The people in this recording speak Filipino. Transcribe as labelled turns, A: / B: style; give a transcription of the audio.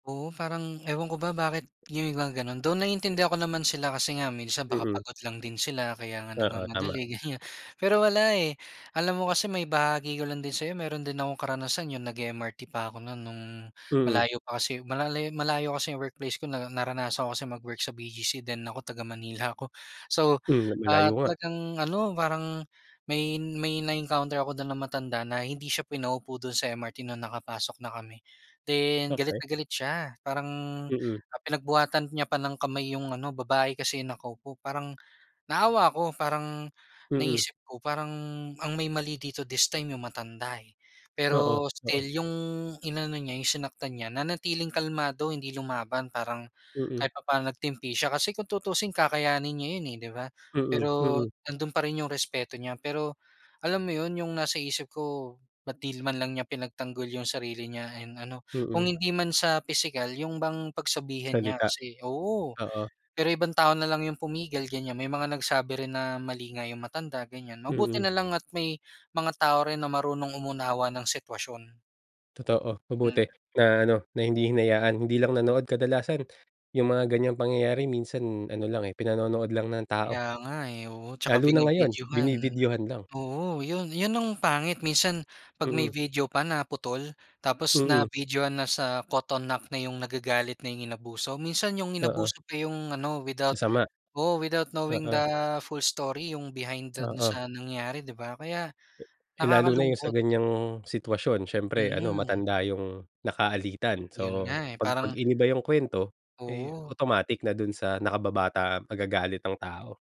A: Oo parang ewan ko ba bakit yung mga ganun though naiintindihan ako naman sila kasi nga minsan baka
B: Hmm.
A: pagod lang din sila kaya nga
B: Oo, tama.
A: nag-mamadali ganyan. Pero wala eh, alam mo kasi ma-ibahagi ko lang din sayo meron din akong karanasan yung nag-e-MRT pa ako nun nung
B: Mhm.
A: malayo pa kasi mal malayo kasi yung workplace ko na naranasan ko kasi mag-work sa BGC then ako taga Manila ako. So,
B: Hmm,
A: ah,
B: malayo nga.
A: talagang ano, parang may may na-encounter ako dun ng matanda na hindi siya pinaupo dun sa MRT na nakapasok na kami. Then
B: Okey.
A: galit na galit siya, parang
B: Mm.
A: pinagbuhatan niya pa ng kamay yung ano, babae kasi nakaupo parang naawa ako, parang
B: Mhm.
A: naisip ko parang ang may mali dito this time yung matanda eh.
B: Oo,
A: Pero
B: oo.
A: still, yung inano niya yung sinaktan niya nanatiling kalmado hindi lumaban parang
B: Mm.
A: kahit papaano nag-timpi siya. Kasi kung tutuusin kakayanin niya yun eh di ba?
B: Mm,
A: Pero
B: mm.
A: nandun pa rin yung respeto niya. Pero alam mo yun, yung nasa isip ko bakit di man lang niya pinagtanggol yung sarili niya and ano, kung
B: Mm.
A: hindi man sa pisikal, yung bang pagsabihan niya
B: Salita?
A: kasi oo
B: Oo.
A: pero ibang tao na lang yung pumigal ganyan, may mga nagsabi rin na mali nga yung matanda ganyan mabuti
B: Mhm.
A: nalang at may mga tao rin na marunong umunawa ng sitwasyon.
B: Totoo mabuti
A: Mhm.
B: na ano, na hindi hinayaan, hindi lang nanood, kadalasan yung mga ganyang pangyayari minsan ano lang eh, pinanonood lang ng
A: Kaya
B: tao.
A: nga eh oo saka
B: Lalo na ngayon
A: bini-videohan.
B: binibidyohan lang.
A: Oo yun yun ang pangit minsan, pag may
B: Mm.
A: video pa na putol, tapos na
B: Mm.
A: videohan na sa caught on act na yung nagagalit na yung inabuso, minsan yung
B: Oo.
A: inabuso pa yung ano without
B: Masama?
A: oo, without knowing the
B: Oo.
A: full story yung behind dun
B: Oo.
A: sa nangyari di ba? Kaya
B: Eh lalo na yung sa
A: nakakalungkot.
B: ganyang sitwasyon siyempre ano
A: Mm.
B: matanda yung naka-alitan
A: Yun
B: so
A: nga eh
B: pag pag
A: parang
B: iniba yung kwento, eh
A: Oo.
B: automatic na dun sa nakababata magagalit ang tao.